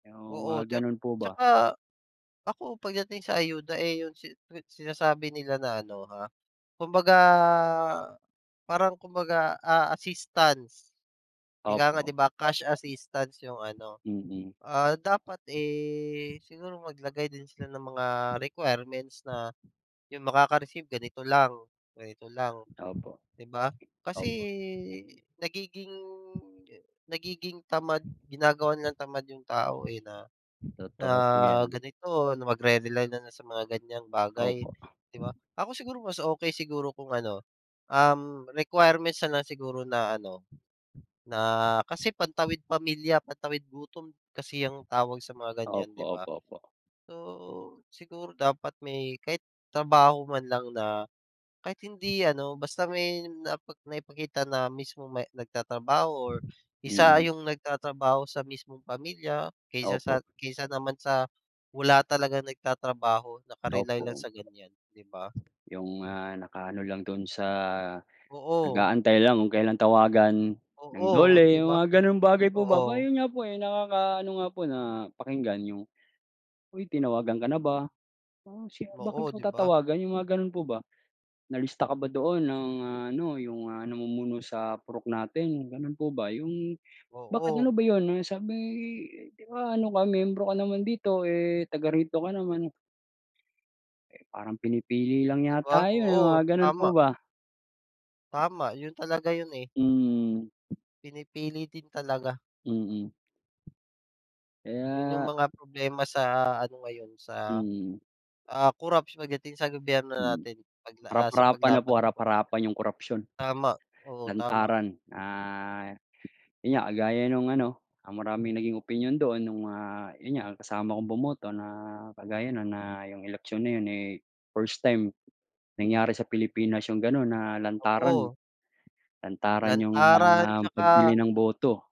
Yung Oo, mga tsak ganun po ba. tsaka ako pagdating sa ayuda, eh, yung si-sinasabi nila na ano, ha, kumbaga parang kumbaga, ah, assistance. Ika Opo, nga, 'di ba, opo. cash assistance yung ano, Mm. ah, dapat, eh, siguro maglagay din sila ng mga requirements na yung makaka-receive ganito lang, ganito lang, Opo, 'di ba? Kasi opo. nagiging nagiging tamad ginagawa nilang tamad yung tao, eh, na na Totoo po 'yan. ganito, na magre-rely nalang sa mga ganyang bagay, Opo. 'di ba? Ako siguro mas okey siguro kung ano, um, requirements na lang siguro na ano, na kasi pantawid pamilya, pantawid gutom kasi ang tawag sa mga ganyan, Opo, 'di ba? opo, opo. So, siguro dapat may kahit trabaho man lang na kahit hindi ano, basta may nai naipakita na mismo may nagtatrabaho or isa Mm. yung nagtatrabaho sa mismong pamilya kaysa Opo. sa kaysa naman sa wala talagang nagtatrabaho, naka-rely Opo lang ,oh. sa ganyan, 'di ba? Yung, ah, nakaano lang dun sa Oo. nag-aantay lang kung kailan tawagan ng Oo, Dole, 'di yung ba, mga ganong bagay po ba? 'Ba oo. yun nga po, eh, nakakaano nga po na pakinggan yung, "Uy, tinawagan ka na ba? Um, siya bakit Oo, ko 'di ba. tatawagan?" Yung mga ganun po ba. "Nalista ka ba doon ng ano, yung, ah, namumuno sa purok natin," gano'n po ba. Yung bakit ano Oo. ba yun sabi 'di ba ano ka miyembro ka naman dito, eh, taga rito ka naman. Eh, parang pinipili lang 'Di ba, yata yun, oo, mga ganun po tama. ba. Tama yun talaga yun, eh. Mm. Pinipili din talaga. Mm. 'Yun yung Kaya mga problema sa ano ngayon, sa, Mm. ah, corruption pagdating sa gobyerno Mm. natin pagla ah, sa Harap-harapan na paglaban po, sa korupsiyon. harap-harapan 'yong korupsiyon. Tama, oo, tama. Lantaran na yun nga, kagaya nung ano, ang maraming naging opinyon doon nung, ah, yun nga ang kasama kong bumoto na kagaya nun na yung eleksyon na yun, eh, first time nangyari sa Pilipinas yung ganun na lantaran. Oo. Lantaran yung, Lantaran ah, pagbili tsaka ng boto.